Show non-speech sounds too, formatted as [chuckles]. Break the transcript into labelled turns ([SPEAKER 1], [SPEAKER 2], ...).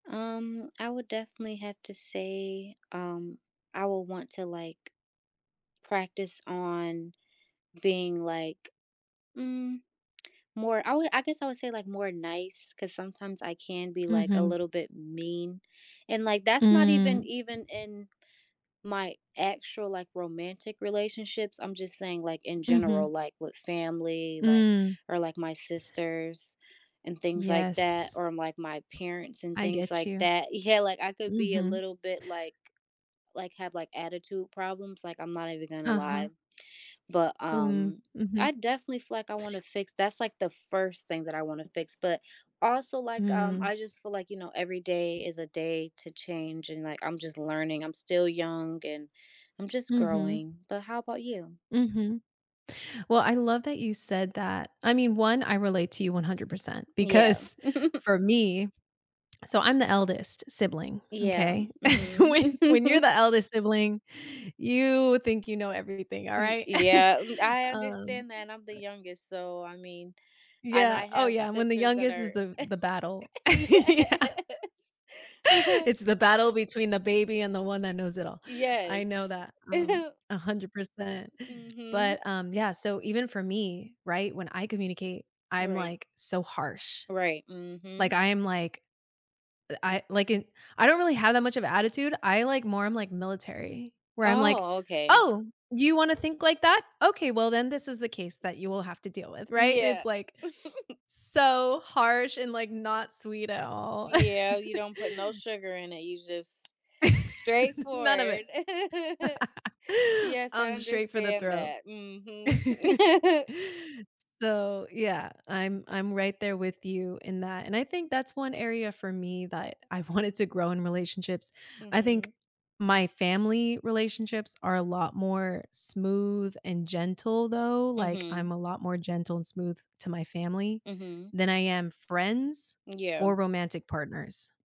[SPEAKER 1] Um, I would definitely have to say, um, I will want to, like, practice on being, like mm, more I would, I guess I would say, like, more nice 'cause sometimes I can be, like, a
[SPEAKER 2] Mhm.
[SPEAKER 1] little bit mean, and, like, that's not even
[SPEAKER 2] Mm.
[SPEAKER 1] even in my actual, like, romantic relationships, I'm just saying, like, in general,
[SPEAKER 2] Mhm.
[SPEAKER 1] like, with family, like
[SPEAKER 2] Mm.
[SPEAKER 1] or, like, my sisters and things like that
[SPEAKER 2] Yes.
[SPEAKER 1] or, like, my parents and
[SPEAKER 2] I
[SPEAKER 1] things
[SPEAKER 2] get
[SPEAKER 1] like
[SPEAKER 2] you.
[SPEAKER 1] that yeah, like, I could be a
[SPEAKER 2] Mhm.
[SPEAKER 1] little bit, like like, have, like, attitude problems, like, I'm not even gonna lie.
[SPEAKER 2] Uh-huh.
[SPEAKER 1] But,
[SPEAKER 2] Mm,
[SPEAKER 1] um,
[SPEAKER 2] mhm.
[SPEAKER 1] I definitely feel like I wanna fix that's, like, the 1st thing that I wanna fix, but also, like, um,
[SPEAKER 2] Mm.
[SPEAKER 1] I just feel like, you know, every day is a day to change, and, like, I'm just learning. I'm still young, and I'm just
[SPEAKER 2] Mhm.
[SPEAKER 1] growing, but how 'bout you?
[SPEAKER 2] Mhm. Well, I love that you said that. I mean, 1, I relate to you 100%,
[SPEAKER 1] Yeah.
[SPEAKER 2] because
[SPEAKER 1] [chuckles]
[SPEAKER 2] for me so I'm the eldest sibling,
[SPEAKER 1] Yeah,
[SPEAKER 2] okay?
[SPEAKER 1] mhm.
[SPEAKER 2] When when you're
[SPEAKER 1] [chuckles]
[SPEAKER 2] the eldest sibling, you think you know everything, all
[SPEAKER 1] Y
[SPEAKER 2] right? [chuckles]
[SPEAKER 1] yeah, m I
[SPEAKER 2] Um,
[SPEAKER 1] understand that I'm the
[SPEAKER 2] right
[SPEAKER 1] youngest, so I mean and
[SPEAKER 2] Yeah,
[SPEAKER 1] I
[SPEAKER 2] oh
[SPEAKER 1] have
[SPEAKER 2] yeah, when the
[SPEAKER 1] sisters that
[SPEAKER 2] youngest is
[SPEAKER 1] are
[SPEAKER 2] the the battle, yeah.
[SPEAKER 1] yes. [chuckles]
[SPEAKER 2] It's the battle between the baby and the one that
[SPEAKER 1] Y
[SPEAKER 2] knows it all. I know
[SPEAKER 1] yes.
[SPEAKER 2] that, um,
[SPEAKER 1] [chuckles]
[SPEAKER 2] 100%,
[SPEAKER 1] Mhm.
[SPEAKER 2] but, um, yeah, so even for me, right, when I communicate, I'm,
[SPEAKER 1] Right.
[SPEAKER 2] like, so harsh,
[SPEAKER 1] Right,
[SPEAKER 2] like,
[SPEAKER 1] mhm.
[SPEAKER 2] I am like, eh, I like it I don't really have that much of attitude, I like more I'm like military, where I'm like,
[SPEAKER 1] Oh, okay.
[SPEAKER 2] "Oh, you wanna think like that? okay, well, then this is the case that you will have to deal with," right? And it's
[SPEAKER 1] Yeah.
[SPEAKER 2] like,
[SPEAKER 1] [chuckles]
[SPEAKER 2] so harsh and, like, not sweet at all. [laughs]
[SPEAKER 1] Yeah, you don't put no sugar in it, you just
[SPEAKER 2] [laughs] None of it.
[SPEAKER 1] straightforward. [chuckles]
[SPEAKER 2] [laughs]
[SPEAKER 1] Yes, I
[SPEAKER 2] I'm straight for the
[SPEAKER 1] understand
[SPEAKER 2] throat.
[SPEAKER 1] that, mhm.
[SPEAKER 2] [laughs]
[SPEAKER 1] [chuckles]
[SPEAKER 2] So, yeah, I'm I'm right there with you in that, and I think that's 1 area for me that I wanted to grow in relationships. I think
[SPEAKER 1] Mhm.
[SPEAKER 2] my family relationships are a lot more smooth and gentle though, like, I'm
[SPEAKER 1] Mhm.
[SPEAKER 2] a lot more gentle and smooth to my family
[SPEAKER 1] Mhm.
[SPEAKER 2] than I am friends or
[SPEAKER 1] Yeah.
[SPEAKER 2] romantic partners.